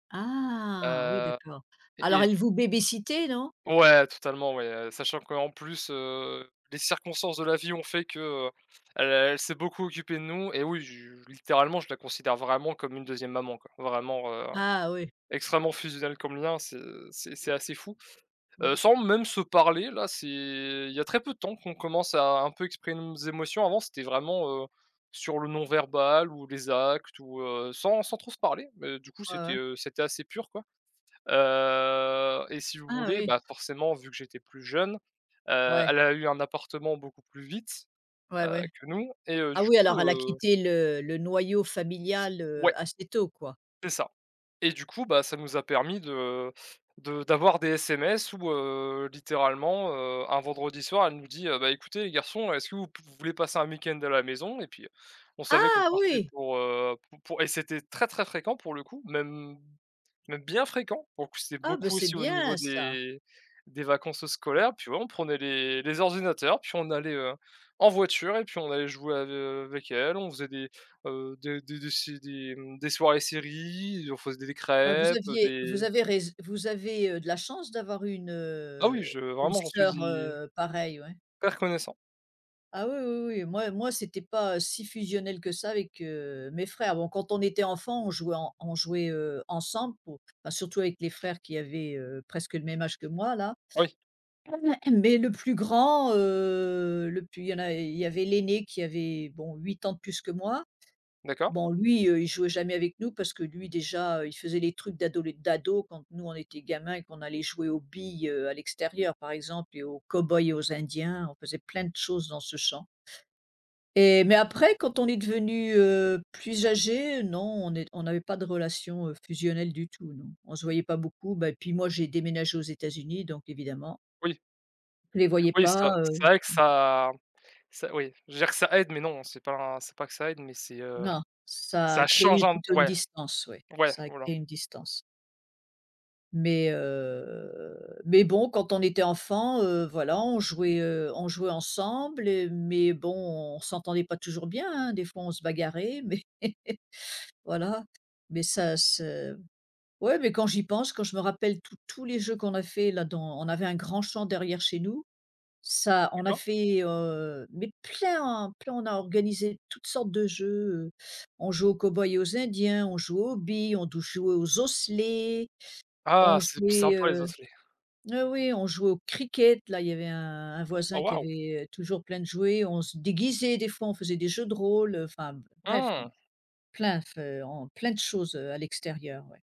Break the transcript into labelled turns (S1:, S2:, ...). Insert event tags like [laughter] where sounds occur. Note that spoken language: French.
S1: Ah, oui,
S2: Heu
S1: d'accord.
S2: et
S1: Alors
S2: est-ce
S1: elle
S2: du
S1: vous baby sittait non?
S2: Ouais, totalement, ouais, heu, sachant qu'en plus, heu, les circonstances de la vie ont fait que, heu, elle elle s'est beaucoup occupée de nous et oui je littéralement je la considère vraiment comme une 2e maman quoi, vraiment, heu,
S1: Ah oui.
S2: extrêmement fusionnel comme lien, c'est c'est c'est assez fou, heu,
S1: Oui.
S2: sans même se parler là, c'est il y a très peu de temps qu'on commence à un peu exprimer nos émotions. Avant, c'était vraiment, heu, sur le non verbal ou les actes ou, heu, sans sans trop se parler. Mais du coup,
S1: Ouais,
S2: c'était,
S1: ouais.
S2: heu, c'était assez pur quoi. Heu et si vous
S1: Ah,
S2: voulez,
S1: oui.
S2: bah, forcément, vu que j'étais plus jeune, heu,
S1: Ouais.
S2: elle a eu un appartement beaucoup plus vite, heu,
S1: Ouais, ouais.
S2: que nous et heu,
S1: Ah
S2: du
S1: oui,
S2: coup,
S1: alors elle a
S2: heu
S1: quitté le le noyau familial, heu,
S2: Ouais.
S1: assez tôt quoi?
S2: C'est ça et du coup, bah, ça nous a permis de de d'avoir des SMS où, heu, littéralement, heu, un vendredi soir, elle nous dit: «Heu, bah, écoutez les garçons, est-ce que vous pouv vous voulez passer un week-end à la maison?» et puis, on savait qu'on
S1: Ah!
S2: partait
S1: Oui.
S2: pour, heu, pour pour et c'était très, très, fréquent pour le coup, même même bien fréquent, pour le coup, c'était
S1: Ah, bah,
S2: beaucoup
S1: c'est
S2: aussi au niveau
S1: bien ça.
S2: des des vacances scolaires, puis ouais, on prenait les les ordinateurs, puis on allait, heu, en voiture et puis on allait jouer ave avec elle, on faisait des, heu, des des se des, mmh des soirées séries, on faisait des
S1: Bah, vous
S2: crêpes, heu,
S1: aviez vous
S2: des
S1: avez rais vous avez, heu, de la chance d'avoir eu une,
S2: Ah oui,
S1: heu,
S2: je
S1: une
S2: vraiment j'en suis
S1: sœur,
S2: hy
S1: heu, pareille, ouais.
S2: per reconnaissant.
S1: Ah, oui, oui, oui, moi moi c'était pas si fusionnel que ça avec, heu, mes frères. Bon, quand on était enfant, on jouait en on jouait, heu, ensemble pour bah, surtout avec les frères qui avaient, heu, presque le même âge que moi là,
S2: Oui.
S1: [clears throat] mais le plus grand, heu, le plus il y a il y avait l'aîné qui avait, bon, 8 ans de plus que moi.
S2: D'accord.
S1: Bon, lui, heu, il jouait jamais avec nous parce que, lui, déjà, il faisait les trucs d'adole d'ado, quand nous on était gamins et qu'on allait jouer aux billes, heu, à l'extérieur, par exemple et aux cow-boys et aux indiens, on faisait plein de choses dans ce champ. Et mais après quand on est devenu, heu, plus âgé, non on n'est on n'avait pas de relation, heu, fusionnelle du tout, non. On se voyait pas beaucoup, bah, et puis moi j'ai déménagé aux États-Unis, donc évidemment.
S2: Oui.
S1: Les voyais
S2: Oui
S1: pas,
S2: ça,
S1: heu
S2: c'est vrai que ça ça oui, je veux dire que ça aide, mais non, c'est pas c'est pas que ça aide, mais, c'est heu
S1: Non, ça
S2: ça
S1: a
S2: change
S1: créé
S2: un p
S1: plutôt une
S2: ouais,
S1: distance, oui.
S2: ouais,
S1: Ça a
S2: voilà.
S1: créé une distance. Mais, heu, mais bon quand on était enfant, heu, voilà, on jouait, heu, on jouait ensemble, mais bon on s'entendait pas toujours bien, hein, des fois on se bagarrait mais, voilà, mais ça se ouais mais quand j'y pense, quand je me rappelle tous tous les jeux qu'on a fait là dans on avait un grand champ derrière chez nous, ça on n'a
S2: D'accord.
S1: fait, heu, mais plein, plein on a organisé toutes sortes de jeux, heu, on jouait aux cow-boys et aux indiens, on joue aux billes, on touchait aux osselets, on
S2: Ah, c'est p
S1: jouait,
S2: sympa les
S1: heu
S2: osselets.
S1: oh, oui on jouait au cricket là, il y avait un un
S2: Oh,
S1: voisin qui
S2: waouh!
S1: avait toujours plein de jouets, on se déguisait des fois, on faisait des jeux de rôle, enfin bref,
S2: Mmh.
S1: plein fe on plein de choses, heu, à l'extérieur, ouais.